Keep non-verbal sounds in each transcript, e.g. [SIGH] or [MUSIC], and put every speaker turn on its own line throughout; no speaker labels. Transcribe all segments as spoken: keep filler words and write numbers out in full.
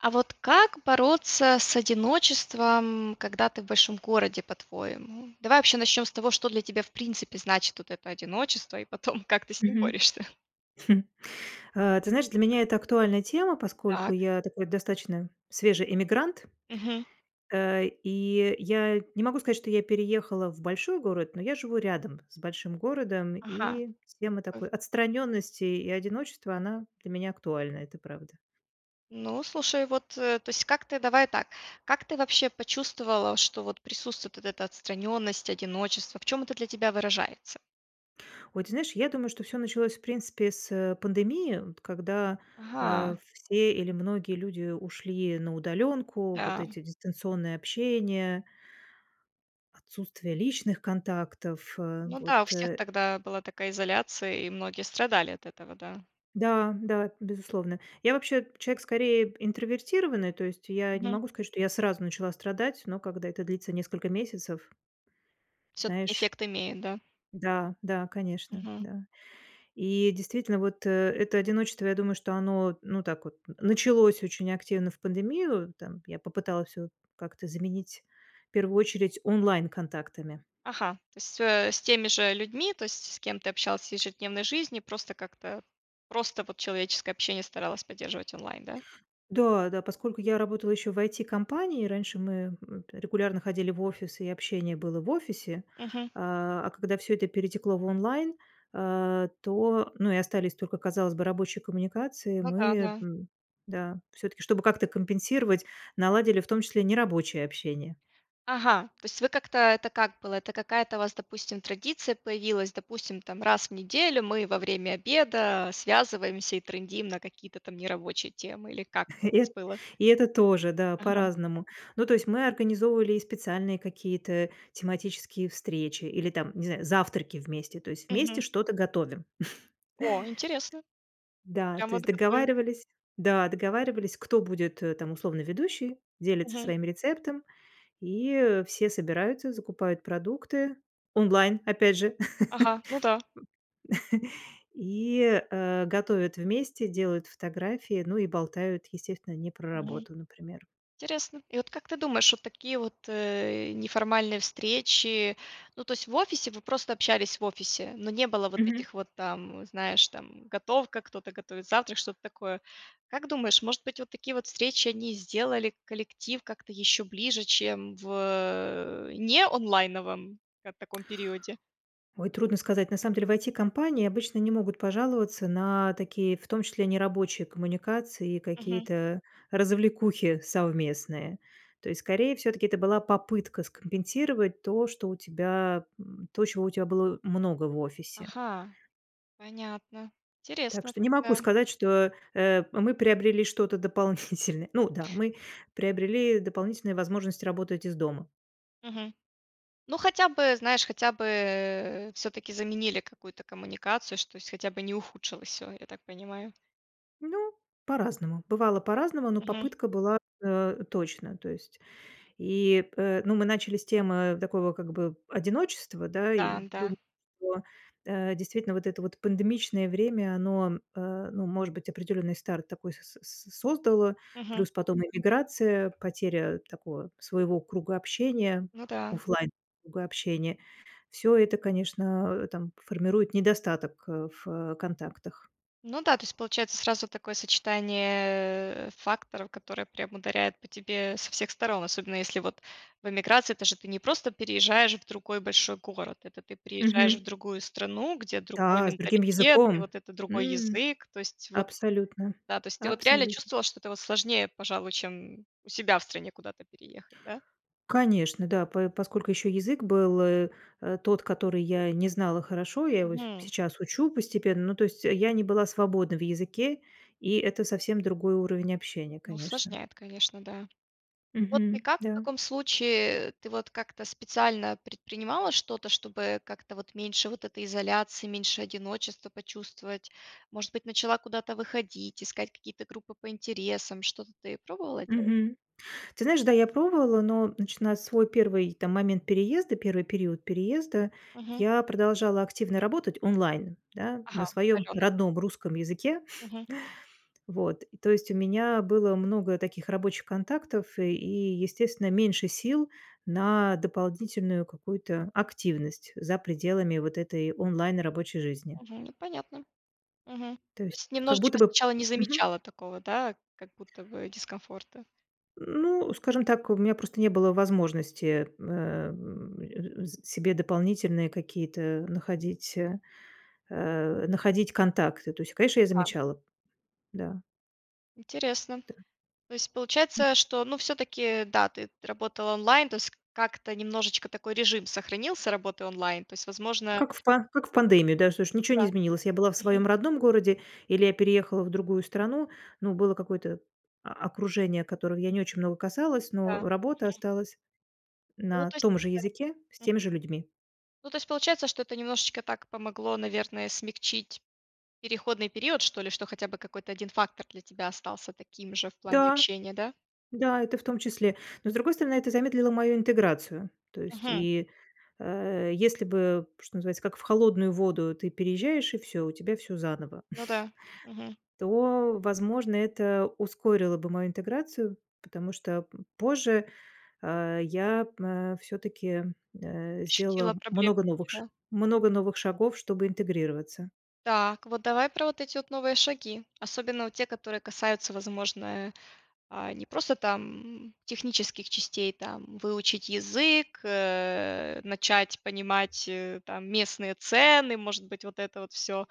А вот как бороться с одиночеством, когда ты в большом городе, по-твоему? Давай вообще начнем с того, что для тебя в принципе значит вот это одиночество, и потом, как ты с ним
Мгм.
борешься.
[CHUCKLES] А, ты знаешь, для меня это актуальная тема, поскольку
Так.
я такой достаточно свежий эммигрант.
Мгм.
Э, и я не могу сказать, что я переехала в большой город, но я живу рядом с большим городом.
Ага.
И тема
Такой
такой отстраненности и одиночества- она для меня актуальна, это правда.
Ну, слушай, вот, э то есть как ты давай так, как ты вообще почувствовала, что вот присутствует вот эта отстраненность, одиночество? В чём это для тебя выражается?
Ой, ты знаешь, я думаю, что всё началось, в принципе, с, э, пандемии, вот когда, а,
Ага!
все, или многие люди ушли на удаленку. Вот
Да.
эти дистанционное общение отсутствие личных контактов. Э,
Ну да, у
вот
всех
э
тогда была такая изоляция, и многие страдали от этого, да.
Да, да, безусловно. Я вообще человек скорее п интровертированный, то есть я не
Мгм.
могу сказать, что я сразу начала страдать, но когда это длится несколько месяцев
Всё-таки
знаешь.
эффект имеет, да?
Да, да, конечно.
Мгм.
Да. И действительно, вот, э, это одиночество, я думаю, что оно, ну, так вот началось очень активно в пандемию там. Я попыталась всё как-то заменить в первую очередь онлайн-контактами.
Ага, то есть, э, с теми же людьми, то есть с кем ты общалась в ежедневной жизни, просто как-то просто вот человеческое общение старалась поддерживать онлайн. Да?
Да, да, поскольку я работала еще в IT-компании, раньше мы от регулярно ходили в офисы, и общение было в офисе.
Мгм.
А, а когда всё это перетекло в онлайн, а, то ну и остались только, казалось бы, рабочие коммуникации,
Ну да,
мы,
да.
м, да, всё-таки, чтобы как-то компенсировать, наладили в том числе нерабочее общение.
Ага. То есть вы как-то это как было? Это какая-то у вас, допустим, традиция появилась? Допустим, там: "Раз в неделю мы во время обеда связываемся и трындим на какие-то там нерабочие темы". Или как
[CHUCKLES]
это у
И
вас
э
было?
и это тоже, да,
Ага.
по-разному. Ну, то есть мы организовывали и специальные какие-то тематические встречи, или, там, не знаю, завтраки вместе, то есть вместе
Мгм.
что-то готовим.
О, интересно.
[CHUCKLES] Да,
Прям
то есть
вот готовим?
договаривались Да, договаривались, кто будет там, условно, ведущей, делится
Мгм.
своим рецептом, и все собираются, закупают продукты онлайн, опять же.
Ага, ну да.
[LAUGHS] И, э, готовят вместе, делают фотографии. Ну и болтают, естественно, не про
Мгм.
работу, например.
Интересно. И вот как ты думаешь, вот такие вот, э, неформальные встречи, ну то есть в офисе. Вы просто общались в офисе, но не было вот
Мгм.
этих вот там, знаешь, там, готовка, кто-то готовит завтрак, что-то такое. Как думаешь, может быть, вот такие вот встречи- они сделали коллектив как-то еще ближе, чем в, э, не онлайновом как таком периоде?
Ой, трудно сказать. На самом деле в IT-компании обычно не могут пожаловаться на такие, в том числе, нерабочие коммуникации и
Мгм.
какие-то развлекухи совместные. То есть, скорее, всё-таки это была попытка скомпенсировать то, что у тебя м, то, чего у тебя было много в офисе.
Ага. Понятно.
Так
Интересно
что не могу
тогда.
сказать, что, э, мы приобрели что-то дополнительное. Ну да, мы приобрели дополнительную возможность работать из дома.
Мгм. Ну, хотя бы, знаешь, хотя бы, э, всё-таки заменили какую-то коммуникацию, что то есть хотя бы не ухудшилось всё, я так понимаю.
Ну, по-разному, бывало по-разному, но
Мгм.
попытка была, э, точно. То есть и п ну, мы начали с темы такого, как бы, одиночества, да, и,
Там.
дум
Да.
о, э, действительно, вот это вот пандемичное время- оно, э, ну, может быть, определенный старт такой с с создало,
Мгм.
плюс потом иммиграция, потеря такого своего круга общения,
Ну да.
офлайн-круга общения. Всё это, конечно, там, формирует недостаток, э, в контактах.
Ну да. То есть получается сразу такое сочетание, э, факторов, которые прям ударяют по тебе со всех сторон. Особенно если, вот, в эмиграции то, что ты не просто переезжаешь в другой большой город. Это ты приезжаешь
Мгм.
в другую страну, где другой
Да, с другим
менталитет, и,
языком.
вот, это другой
М,
язык, то есть, вот
абсолютно.
Да, то есть ты, вот, реально
Абсолютно.
чувствовала, что это, вот, сложнее, пожалуй, чем, у себя в стране куда-то переехать, да?
Конечно, да, п поскольку еще язык был, э, э, тот, который я не знала хорошо, я его и
Мгм.
сейчас учу постепенно. Ну, то есть, я не была свободной в языке. И это совсем другой уровень общения,
Ну,
конечно.
усложняет, конечно, да. Вот ты
Мгм,
как в
да.
таком случае? Ты, вот, как-то специально предпринимала что-то, чтобы как-то, вот, меньше вот этой изоляции, меньше одиночества почувствовать? Может быть, начала куда-то выходить, искать какие-то группы по интересам, что-то ты пробовала делать?
Мгм. Ты знаешь, да, я пробовала, но начинать свой первый, там, момент переезда, первый период переезда,
Мгм.
я продолжала активно работать онлайн, да,
Ага.
на своем
Удаленно.
родном русском языке.
Мгм.
[CHUCKLES] Вот. То есть, у меня было много таких рабочих контактов, э, и, естественно, меньше сил на дополнительную какую-то активность за пределами, вот, этой онлайн рабочей жизни.
Мгм. Ну, понятно. Мгм. То
То есть
есть
как будто
немножечко
бы
сначала не
Мгм.
замечала такого, да, как будто бы, дискомфорта.
Ну, скажем так, у меня просто не было возможности, э, э, с себе дополнительные какие-то находить, э, находить контакты. То есть, конечно, я
Ка
замечала, да.
Интересно.
Да.
То есть, получается,
М.
что, ну, всё-таки, да, ты работала онлайн. То есть, как-то немножечко такой режим сохранился работы онлайн. То есть, возможно
Как в па как в пандемию, да, слушай, ничё не
Да.
изменилось. Я была в
Мгм.
своем родном городе или я переехала в другую страну. Но было какое-то окружение, которого я не очень много касалась, но
Да. Мгм.
работа осталась
Ну,
на
то есть
том же
да.
языке с
М.
теми же людьми.
Ну, то есть, получается, что это немножечко так помогло, наверное, смягчить переходный период, что ли, что хотя бы какой-то один фактор для тебя остался таким же в плане
Да.
общения, да?
Да, это в том числе. Но, с другой стороны, это замедлило мою интеграцию. То есть,
Мгм.
и, э, если бы, что называется, "как в холодную воду", ты переезжаешь и всё, у тебя всё заново.
Ну да. Мгм.
[CHUCKLES] То, возможно, это ускорило бы мою интеграцию. Потому что, м, позже, а, я, а, всё-таки, э,
Ощутила
сделала
проблемы
много новых
такие,
ш
да?
много новых шагов, чтобы интегрироваться.
Так, вот, давай про эти вот новые шаги. Особенно, вот, те, которые касаются, возможно, а, не просто там, технических частей, там, выучить язык, э, начать понимать, э, там, местные цены, может быть, вот это вот всё.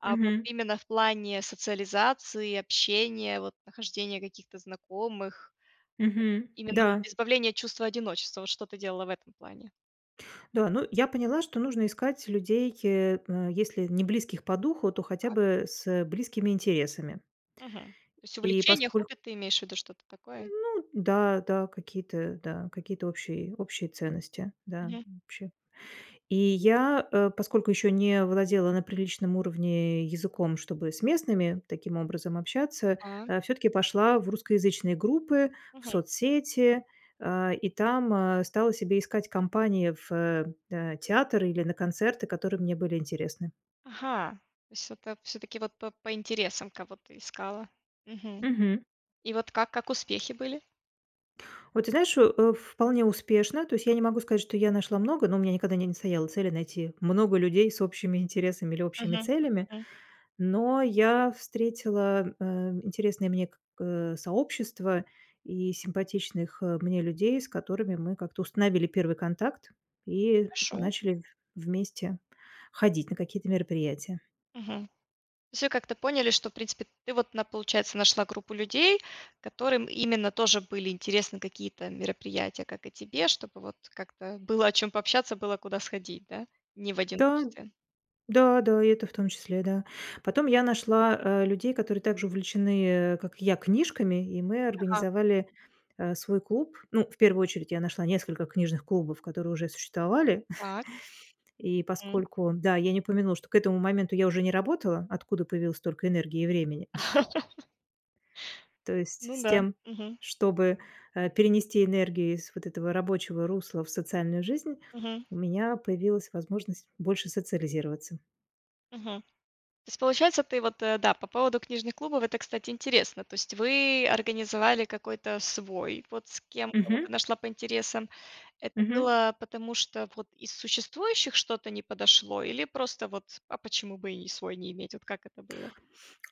А, вот,
Мгм.
именно в плане социализации, общения, вот, нахождения каких-то знакомых.
Мгм,
Именно,
да.
вот, избавление от чувства одиночества. Вот что ты делала в этом плане?
Да, ну, я поняла, что нужно искать людей, э, э, если не близких по духу, то хотя бы с близкими интересами.
Мгм. То есть,
И
увлечение,
посколь
хобби, ты имеешь в виду что-то такое?
Ну да, да, какие-то, да, какие-то общие, общие ценности, да,
Мгм.
общие И я, э, поскольку еще не владела на приличном уровне языком, чтобы с местными таким образом общаться,
Да.
а, всё-таки пошла в русскоязычные группы, в
Мгм.
соцсети. А, и там, а, стала себе искать компании в, э, театр или на концерты, которые мне были интересны.
Ага! То есть это всё-таки, вот, по по интересам кого-то искала. Мгм.
Мгм.
И, вот, как как успехи были?
Ой, ты знаешь, э, вполне успешно. То есть я не могу сказать, что я нашла много, но у меня никогда не не стояло цели найти много людей с общими интересами или общими
Мгм,
целями.
м.
Но я встретила, э, интересные мне к э, сообщества и симпатичных, э, мне людей, с которыми мы как-то установили первый контакт и
Хорошо.
начали вместе ходить на какие-то мероприятия.
Мгм. Все как-то поняли, что, в принципе, ты вот на получается, нашла группу людей, которым именно тоже были интересны какие-то мероприятия, как и тебе, чтобы вот как-то было о чём пообщаться, было куда сходить, да, не в
Да.
одиночестве?
Да, да, и это в том числе, да. Потом я нашла, э, людей, которые также увлечены, э, как я, книжками, и мы
Ага.
организовали, э, свой клуб. Ну, в первую очередь я нашла несколько книжных клубов, которые уже существовали.
Так.
[CHUCKLES] И
М.
поскольку, да, я не упомянула, что к этому моменту я уже не работала, откуда появилось столько энергии и времени.
[LAUGHS]
[CHUCKLES] То есть
Ну
с
да.
тем,
Мгм.
чтобы, э, перенести энергию из вот этого рабочего русла в социальную жизнь,
Мгм.
у меня появилась возможность больше социализироваться.
Мгм. То есть получается, ты вот, э, да, по поводу книжных клубов, это, кстати, интересно. То есть вы организовали какой-то свой, вот с кем, кого
Мгм.
ты нашла по интересам. Это
Мгм.
было потому, что вот из существующих что-то не подошло, или просто вот "а почему бы и свой не иметь"? Вот как это было?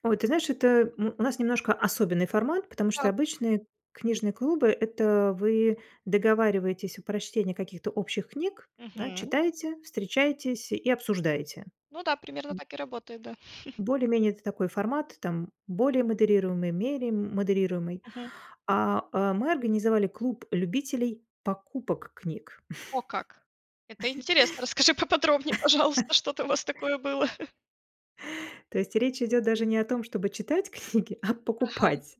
Ой, ты знаешь, это, э, м, у нас немножко особенный формат, потому что
Так.
обычные книжные клубы- это вы договариваетесь о прочтении каких-то общих книг, да,
Мгм.
читаете, встречаетесь и обсуждаете.
Ну да, примерно так и работает, да. [CHUCKLES]
Более-менее это такой формат, там более модерируемый, меря модерируемый.
Мгм.
А, э, мы организовали клуб любителей покупок книг.
О как! Это интересно. Расскажи поподробнее, пожалуйста, что там у вас такое было.
[LAUGHS] То есть речь идет даже не о том, чтобы читать книги, а
Ага.
покупать.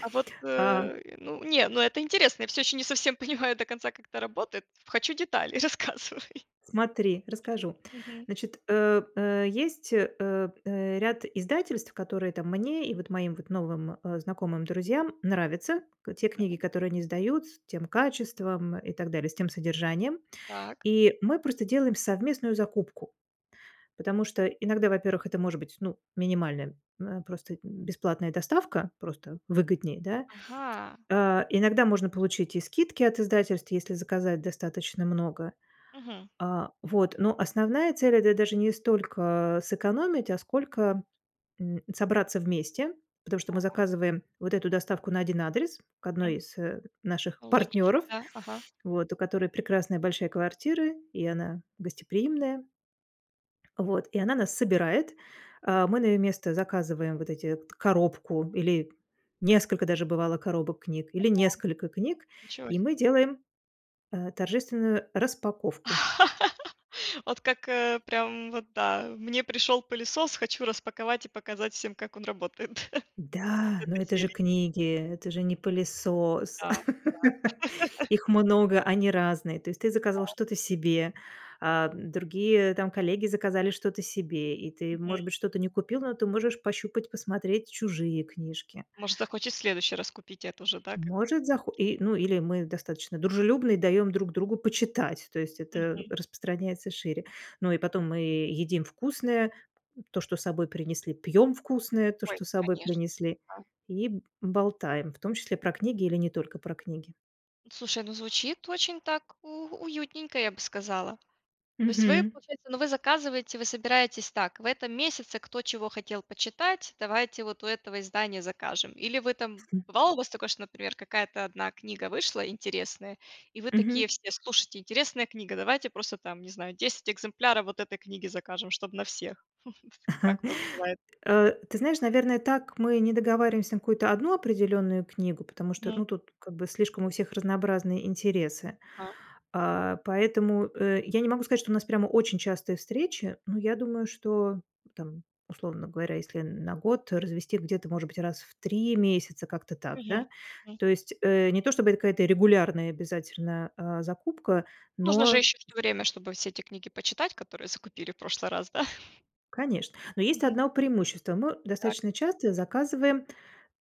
А вот,
А.
э, ну не, ну это интересно, я всё еще не совсем понимаю до конца, как это работает. Хочу детали, рассказывай.
Смотри, расскажу.
Мгм.
Значит, э, э, есть, э, э, ряд издательств, которые там мне и вот моим вот новым, э, знакомым, друзьям нравятся: к те
Да.
книги, которые они издают, с тем качеством и так далее, с тем содержанием.
Так.
И мы просто делаем совместную закупку. Потому что иногда, во-первых, это может быть, ну, минимальная, э, просто бесплатная доставка, просто выгоднее, да?
Ага.
Э, иногда можно получить и скидки от издательств, если заказать достаточно много.
Мгм.
А, вот, но основная цель- это даже не столько сэкономить, а сколько, м, собраться вместе, потому что мы
Так.
заказываем вот эту доставку на один адрес к одной
Мгм.
из, э, наших
Ну, логично,
партнеров,
да, ага.
вот, у которой прекрасная большая квартира, и она гостеприимная. Вот. И она нас собирает, а, мы на ее место заказываем вот эти т коробку или несколько даже, бывало, коробок книг или
Ого.
несколько книг,
Ничего
и
себе.
мы делаем, э, торжественную распаковку.
[LAUGHS] Вот как, э, прям, вот да. Мне пришел пылесос, хочу распаковать и показать всем, как он работает, да?
Да, но
Этой
это же
серии.
книги, это же не пылесос,
Да,
[LAUGHS]
да. [LAUGHS]
их много, они разные, то есть ты заказал
Да.
что-то себе, а, другие там коллеги заказали что-то себе, и ты,
Мгм.
может быть, что-то не купил, но ты можешь пощупать и посмотреть чужие книжки.
Может, захочет в следующий раз купить эту же, да, как
Может захо
[UNINTELLIGIBLE]
и, ну, или мы достаточно дружелюбны и даем друг другу почитать, то есть это
Мгм.
распространяется шире. Ну и потом мы едим вкусное- то, что с собой принесли, пьем вкусное- то,
Ой,
что с собой
конечно,
принесли,
да.
и б болтаем, в том числе про книги или не только про книги.
Слушай, ну звучит очень так у уютненько, я бы сказала. То есть вы,
Мгм.
получается но вы заказываете, вы собираетесь так: "В этом месяце кто чего хотел почитать, давайте вот у этого издания закажем". Или вы там
[CHUCKLES]
Бывало у вас такое, что, например, какая-то одна книга вышла интересная и вы
Мгм.
такие все: "Слушайте, интересная книга, давайте просто там, не знаю, десять экземпляров вот этой книги закажем, чтоб на всех". [CHUCKLES] Как у вас бывает?
[CHUCKLES] Э, ты знаешь, наверное, так мы не договариваемся на какую-то одну определенную книгу, потому что,
Мгм.
ну, тут как бы слишком у всех разнообразные интересы,
А.
а. Поэтому, э, я не могу сказать, что у нас прямо очень частые встречи. Ну, я думаю, что там, условно говоря, если на год развести, где-то, может быть, раз в три месяца, как-то так,
Мгм,
да.
мгм.
То есть, э, не то чтобы это какая-то регулярная обязательно, а, закупка.
Нужно же
Но
еще что время, чтобы все эти книги почитать, которые закупили в прошлый раз, да? [CHUCKLES]
Конечно, но есть
Мгм.
одно преимущество: мы
Так.
достаточно часто заказываем,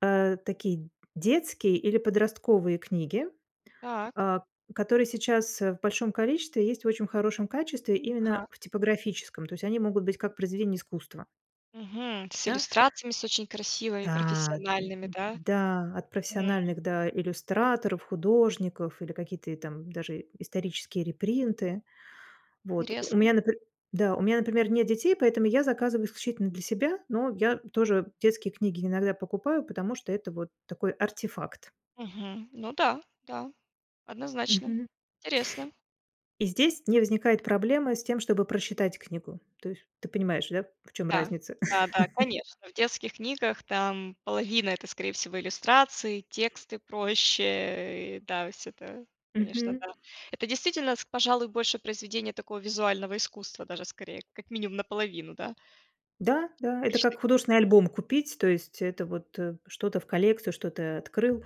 э, такие, детские или подростковые книги,
Так.
а, которые сейчас, э, в большом количестве есть в очень хорошем качестве именно
Ага.
в типографическом, то есть они могут быть как произведения искусства.
Мгм. С
Да.
иллюстрациями, с очень красивыми,
Да, д
профессиональными, да?
да, от
М.
профессиональных, да, иллюстраторов, художников или какие-то и там даже и исторические репринты, вот. У
Интересно.
меня наприм да, у меня, например, нет детей, поэтому я заказываю исключительно для себя. Но я тоже детские книги иногда покупаю, потому что это вот такой артефакт.
Мгм. Ну да, да, однозначно.
Мгм.
Интересно.
И здесь не возникает проблемы с тем, чтобы прочитать книгу, то есть ты понимаешь, да, в чём
Да.
разница.
Да-да,
[CHUCKLES]
конечно, в детских книгах, там половина- это, скорее всего, иллюстрации, тексты, прочее. Э, и, да, всё это, конечно,
Мгм.
да. Это действительно, с пожалуй, больше произведение такого визуального искусства, даже скорее, как минимум наполовину, да?
Да, да, это
Мечты.
как художественный альбом купить. То есть это вот, э, что-то в коллекцию, что-то открыл,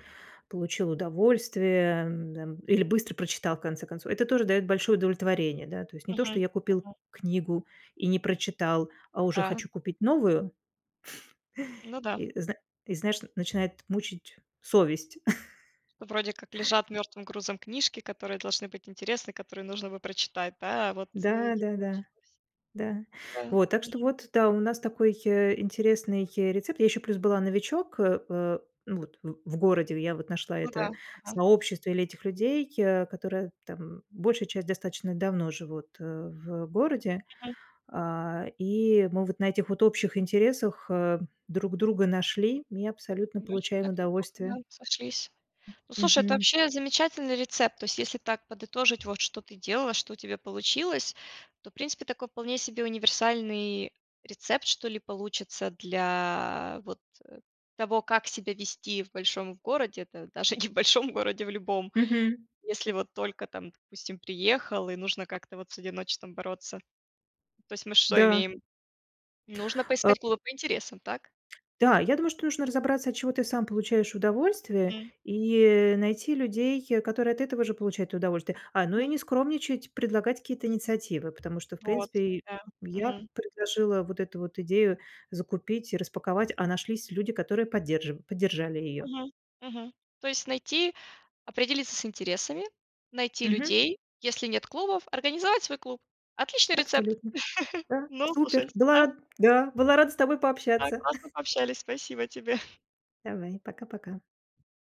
получил удовольствие, эм, д эм, или быстро прочитал, в конце концов. Это тоже дает большое удовлетворение, да, то есть не то, что
Мгм,
я купил
мгм.
книгу и не прочитал, а уже
Да.
хочу купить новую.
Ну да.
[CHUCKLES] И зна и знаешь, начинает мучить совесть.
Вроде как
[CHUCKLES]
лежат мертвым грузом книжки, которые должны быть интересны, которые нужно бы прочитать, да? А, вот, э, не
Да-да-да.
получилось.
Да.
Да,
Вот. Так что
мгм.
вот да, у нас такой, э, интересный, э, рецепт. Я еще плюс была новичок, э, э, вот, в в городе я вот нашла
Ну
это
да. Ага.
сообщество или этих людей, э, которые, там, большая часть достаточно давно живут, э, в городе,
Мгм.
а. И мы вот на этих вот общих интересах, э, друг друга нашли и абсолютно
Значит
получаем
так неплохо, да,
удовольствие.
сошлись. Ну, слушай, это
Мгм.
вообще замечательный рецепт. То есть если так подытожить, вот что ты делала, что у тебя получилось, то, в принципе, такой вполне себе универсальный рецепт, что ли, получится для вот, э, того, как себя вести в большом городе. Это даже не в большом городе, в любом.
Мгм.
Если вот только там, допустим, приехал и нужно как-то вот с одиночеством бороться. То есть мы что
Да.
имеем? Нужно
А.
поискать клубы по интересам, так?
Да, я думаю, что нужно разобраться, от чего ты сам получаешь удовольствие
Хм.
и, э, найти людей, которые от этого же получают удовольствие. А, ну и
Мгм.
не скромничать, предлагать какие-то инициативы. Потому что, в
Вот.
принципе,
Да,
я
мгм.
предложила вот эту вот идею закупить и распаковать, а нашлись люди, которые поддерж поддержали ее.
Мгм, мгм. То есть найти определиться с интересами, найти
Мгм.
людей, если нет клубов, организовать свой клуб. Отличный рецепт! [CHUCKLES]
Абсолютно, да,
Ну, слушай,
супер была
да.
ра Да, была рада с тобой
Да.
пообщаться.
Классно
[CHUCKLES]
пообщались, спасибо тебе! [CHUCKLES]
Давай. Пока пока.